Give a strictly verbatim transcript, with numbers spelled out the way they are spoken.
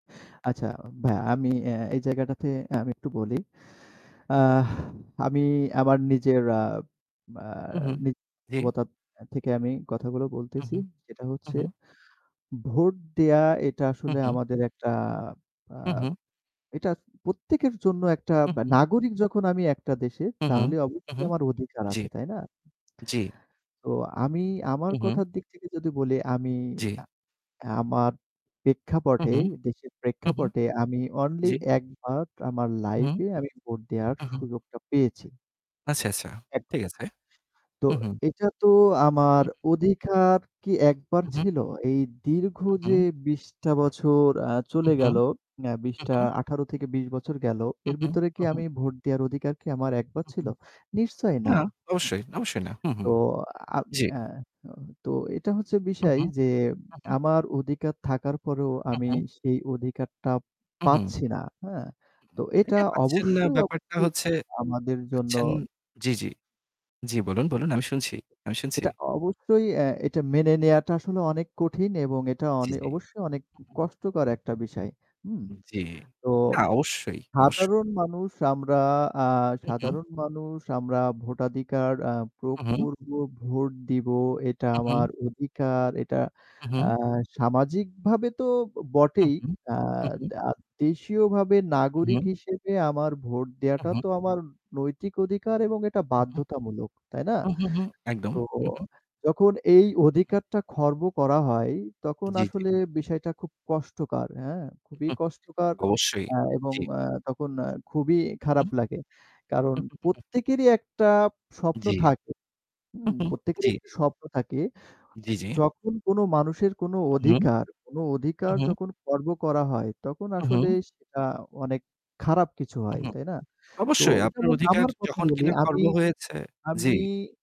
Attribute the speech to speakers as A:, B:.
A: আচ্ছা ভাইয়া আমি এ্যা এই জায়গাটাতে আমি একটু বলি। আ আমি আমার নিজের আ
B: হুম, হুম। জ্বী।
A: [unintelligible] থেকে আমি কথাগুলো
B: হু,
A: বলতেছি।
B: হু।
A: যেটা
B: হু,
A: হচ্ছে
B: হু।
A: ভোট দেয়া এটা
B: হু,
A: আসলে
B: হু।
A: আমাদের একটা আ
B: হু, হু।
A: এটা প্রত্যেকের জন্য একটা
B: হু, হু।
A: নাগরিক যখন আমি একটা দেশে
B: হুঁ, হুঁ।
A: তাহলে
B: হুঁ,
A: অবশ্যই
B: হুঁ,
A: আমার অধিকার
B: জ্বী।
A: আছে। তাই না?
B: জ্বি।
A: তো আমি আমার
B: হু, হু।
A: কথার দিক থেকে যদি বলি আমি
B: জ্বি।
A: আ আমার
B: হুঁ,
A: প্রেক্ষাপটে
B: হুঁ।
A: দেশের
B: হুঁ, হু।
A: প্রেক্ষাপটে আমি অনলি
B: জ্বি।
A: এক বার আমার
B: হুম, হু।
A: লাইফ এ আমি ভোট দেওয়ার
B: হু, হু।
A: সুযোগটা পেয়েছি।
B: আচ্ছা, আচ্ছা।
A: এক
B: ঠিক আছে।
A: তো
B: হু।
A: এটা তো আমার
B: হুম।
A: অধিকার কি একবার
B: হু, হু।
A: ছিল? এই দীর্ঘ
B: উ
A: যে
B: হু।
A: বিশ টা বছর আ
B: হু,
A: চলে
B: হু।
A: গেলো আ বিশ
B: হু,
A: টা
B: হু।
A: আঠার থেকে বিশ বছর গেল
B: হু,
A: এর
B: হু।
A: ভিতরে কি
B: হু, হু।
A: আমি ভোট দেওয়ার অধিকার কি আমার একবার ছিল?
B: হুম,
A: নিশ্চয়ই না।
B: না, অবশ্যই, অবশ্যই না। হু, হু।
A: তো আ
B: জ্বি।
A: এ্যা তো এটা হচ্ছে
B: হু,
A: বিষয়
B: হু,
A: যে
B: হু।
A: আমার অধিকার থাকার পরেও
B: হু,
A: আমি
B: হু।
A: সেই অধিকারটা
B: হু, হু।
A: পাচ্ছি না। হ্যাঁ? তো এটা
B: এটা পাচ্ছেন না
A: অবশ্যই,
B: ব্যাপারটা
A: অবশ্যই,
B: হচ্ছে
A: আমাদের জন্য
B: পাচ্ছেন জ্বি, জ্বি। জ্বি বলুন, বলুন আমি শুনছি, আমি শুনছি।
A: এটা অবশ্যই এ্যা এটা মেনে নেওয়াটা আসলে অনেক কঠিন এবং এটা
B: জ্বি,
A: অনে
B: জ্বি।
A: অবশ্যই অনেক কষ্টকর একটা বিষয়। হুম?
B: জ্বি।
A: তো
B: না অবশ্যই অবশ্যই।
A: সাধারণ মানুষ আমরা আ
B: হু, হু।
A: সাধারণ মানুষ আমরা ভোটাধিকার আ ভোগ
B: হু, হু।
A: করব ভোট দিব। এটা
B: হু, হু।
A: আমার অধিকার এটা
B: হু,
A: আ
B: হু।
A: সামাজিকভাবে তো
B: হু,
A: বটেই
B: হু।
A: আ
B: হু, হু।
A: দা দেশীয়ভাবে নাগরিক
B: হুম।
A: হিসেবে আমার ভোট দেওয়াটা
B: হু।
A: তো আমার নৈতিক অধিকার এবং এটা
B: উ হু।
A: বাধ্যতামূলক। তাই না?
B: হু, হু, একদম।
A: তো
B: হু, হু।
A: যখন এই অধিকারটা খর্ব করা হয়। তখন
B: জ্বী, জ্বী।
A: আসলে বিষয়টা খুব কষ্টকার হ্যাঁ? খুবই
B: হুম।
A: কষ্টকার
B: অবশ্যই,
A: আ এবং
B: জ্বী।
A: আ তখন আ খুবই খারাপ
B: হুম।
A: লাগে। কারণ
B: উ হু, হু।
A: প্রত্যেকেরই একটা স্বপ্ন
B: জ্বি।
A: থাকে। হু?
B: হু, হু,
A: প্রত্যেকেরই
B: জ্বী।
A: একটা স্বপ্ন থাকে।
B: জ্বী, জ্বী।
A: যখন কোন মানুষের কোন
B: হু।
A: অধিকার কোন
B: হু,
A: অধিকার
B: হু।
A: যখন খর্ব করা হয় তখন
B: হু,
A: আসলে
B: হু।
A: সেটা অনেক খারাপ কিছু
B: উ
A: হয়।
B: হু,
A: তাই না? তো
B: অবশ্যই আপনার
A: যেমন
B: অধিকার
A: আমার কথা
B: যখন
A: বলি
B: কিনা
A: আমি
B: খর্ব হয়েছে। জ্বি।
A: আমি